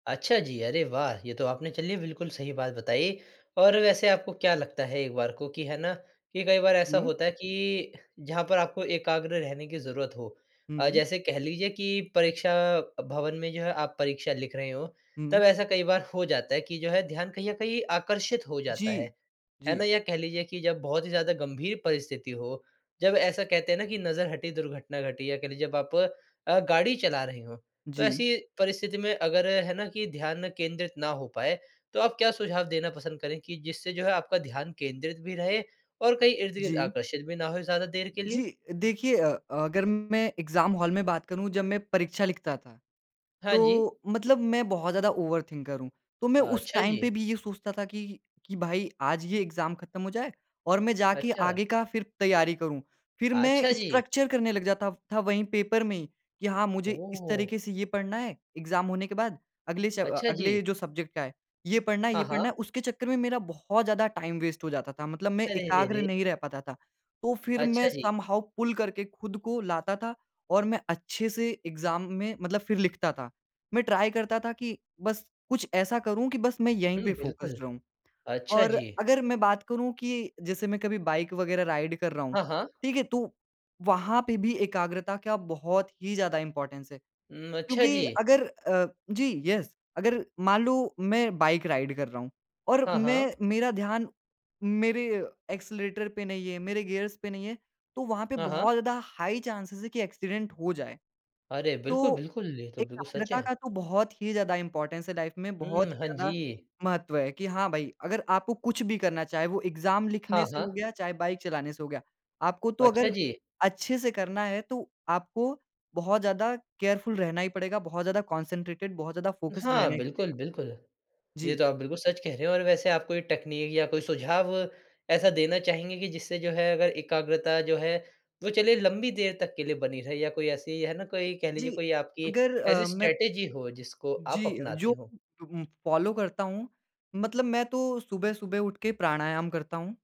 अच्छा, जी। अरे वाह! ये तो आपने चलिए बिल्कुल सही बात बताई। और वैसे आपको क्या लगता है एक बार को कि, है ना? कि कई बार ऐसा जी। होता है कि, जहाँ पर आपको एकाग्र रहने की ज़रूरत हो। अ, हुँ। जैसे कह लीजिए कि परीक्षा भवन में जो है आप परीक्षा लिख रहे हों, हुँ। तब ऐसा कई बार हो जाता है कि जो है ध्यान कहीं न कहीं आकर्षित हो जाता जी। है। है जी। ना? या कह लीजिए कि जब बहुत ही ज़्यादा गंभीर परिस्थिति हो, जब ऐसा कहते हैं ना, कि नज़र हटी दुर्घटना घटी या कह लीजिए जब आप अ, गाड़ी चला रहे हों। तो जी। ऐसी परिस्थिति में अगर है ना, कि ध्यान केंद्रित ना हो पाए तो आप क्या सुझाव देना पसंद करें कि जिससे जो है आपका ध्यान केंद्रित भी रहे और कहीं इर्द-गिर्द जी। आकर्षित भी ना हो ज़्यादा देर के जी। लिए? देखिए, अ, अगर मैं एग्ज़ाम हॉल में बात करूँ जब मैं परीक्षा लिखता था। हाँ जी। तो मतलब मैं बहुत ज़्यादा ओवरथिंकर हूँ। तो मैं उस अच्छा, टाइम पे जी। भी ये सोचता था कि, कि भाई आज ये एग्ज़ाम खत्म हो जाए और मैं जाके अच्छा। आगे का फिर तैयारी करूँ। फिर मैं अच्छा, जी। स्ट्रक्चर करने लग जाता था वहीं पेपर में ही, कि हाँ, मुझे इस ओह! तरीके से ये पढ़ना है एग्ज़ाम होने के बाद अगले शभ अच्छा, अगले जी। जो सब्जेक्ट है। ये पढ़ना है हाँ, ये पढ़ना हाँ। है, उसके चक्कर में मेरा बहुत ज़्यादा टाइम वेस्ट हो जाता था। मतलब मैं अरे रे एकाग्र रे! नहीं रह पाता था। तो फिर मैं अच्छा, जी। समहाउ पुल करके खुद को लाता था और मैं अच्छे से एग्ज़ाम में मतलब फिर लिखता था। मैं ट्राई करता था कि बस कुछ ऐसा करूँ कि, बस मैं यहीं हुँ, पे बिल्कुल। फोकस्ड रहूँ। अच्छा, और जी। अगर मैं बात करूँ कि जैसे मैं कभी बाइक वग़ैरह राइड कर रहा हूँ, हाँ, हाँ। ठीक है तो, वहाँ पे भी एकाग्रता क्या बहुत ही ज़्यादा इम्पोर्टेंस है। उम, अच्छा, क्योंकि जी। अगर अ, जी, येस। अगर मान लो मैं बाइक राइड कर रहा हूँ और हाँ, हाँ। मैं मेरा ध्यान मेरे एक्सेलरेटर पे नहीं है, मेरे गियर्स पे नहीं है तो वहाँ पे हाँ, हाँ। बहुत ज़्यादा हाई चांसेस हैं कि एक्सीडेंट हो जाए। अरे! बिल्कुल, तो बिल्कुल। ये तो बिल्कुल सच एकाग्रता है। का तो बहुत ही ज़्यादा इम्पोर्टेंस है लाइफ़ में बहुत हुँ। ही हाँ ज़्यादा जी। महत्व है। कि हाँ, भाई अगर आपको कुछ भी करना चाहे वो एग्ज़ाम हाँ, लिखने से हाँ। हो गया, चाहे बाइक चलाने से हो गया। आपको तो अच्छा, अगर जी। अच्छे से करना है तो आपको बहुत ज़्यादा केयरफुल रहना ही पड़ेगा, बहुत ज़्यादा कंसंट्रेटेड बहुत ज़्यादा फोकस्ड रहना हाँ, ही बिल्कुल, पड़ेगा। बिल्कुल। ये जी। तो आप बिल्कुल सच कह रहे हो। और वैसे आप कोई टेक्नीक या कोई सुझाव ऐसा देना चाहेंगे कि जिससे जो है, अगर एकाग्रता जो है वो चले लंबी देर तक के लिए बनी रहे। या कोई ऐसी है ना कोई कह जी। लीजिए कोई आपकी अगर ऐसी अ, मैं स्ट्रैटेजी हो जिसको आप जी। जो अपनाते उ हो? उम, फॉलो करता हूँ। मतलब मैं तो सुबह-सुबह उठ के प्राणायाम करता हूँ।